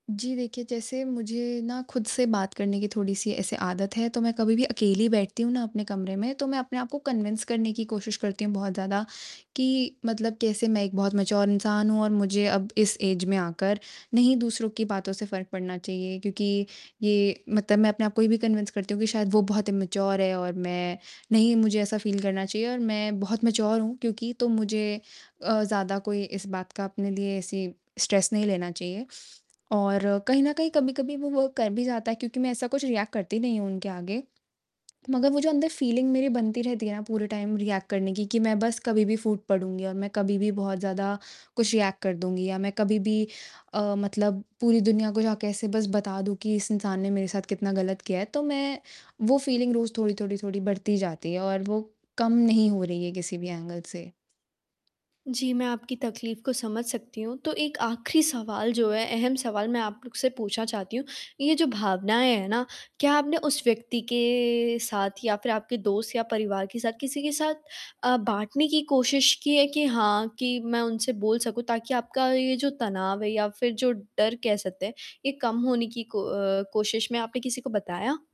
जी, देखिए जैसे मुझे ना खुद से बात करने की थोड़ी-सी ऐसे आदत है, तो मैं कभी भी अकेली बैठती हूँ ना अपने कमरे में तो मैं अपने आप को कन्विन्स करने की कोशिश करती हूँ, बहुत ज़्यादा कि मतलब कैसे मैं एक बहुत मैच्योर इंसान हूँ और मुझे अब इस ऐज में आकर, नहीं दूसरों की बातों से फ़र्क पड़ना चाहिए क्योंकि ये मतलब मैं अपने आप को ये भी कन्विन्स करती हूँ कि शायद वो बहुत इम्मूचियोर है और मैं नहीं मुझे ऐसा फ़ील करना चाहिए और मैं बहुत मैच्योर हूँ क्योंकि तो मुझे अ, ज़्यादा कोई इस बात का अपने लिए ऐसी स्ट्रेस नहीं लेना चाहिए और कहीं न कहीं कभी-कभी वो वर्क कर भी जाता है क्योंकि मैं ऐसा कुछ रिएक्ट करती नहीं हूँ उनके आगे। मगर वो जो अंदर फ़ीलिंग मेरी बनती रहती है ना पूरे टाइम रिएक्ट करने की कि मैं बस कभी भी फ़ूट पड़ूँगी और मैं कभी भी बहुत ज़्यादा कुछ रिएक्ट कर दूँगी या मैं कभी भी अ, मतलब पूरी दुनिया को जाके ऐसे बस बता दूँ कि इस इंसान ने मेरे साथ कितना गलत किया है। तो मैं वो फ़ीलिंग रोज़ थोड़ी-थोड़ी-थोड़ी बढ़ती जाती है और वो कम नहीं हो रही है किसी भी एंगल से। जी, मैं आपकी तकलीफ़ को समझ सकती हूँ, तो 1 आखिरी सवाल जो है अहम सवाल मैं आप लोग से पूछना चाहती हूँ, ये जो भावनाएँ हैं ना, क्या आपने उस व्यक्ति के साथ या फिर आपके दोस्त या परिवार के साथ किसी के साथ अ, बाँटने की कोशिश की है कि हाँ, कि मैं उनसे बोल सकूँ ताकि आपका ये जो तनाव है या फिर जो डर कह सकते हैं, ये कम होने की को अ, कोशिश में आपने किसी को बताया?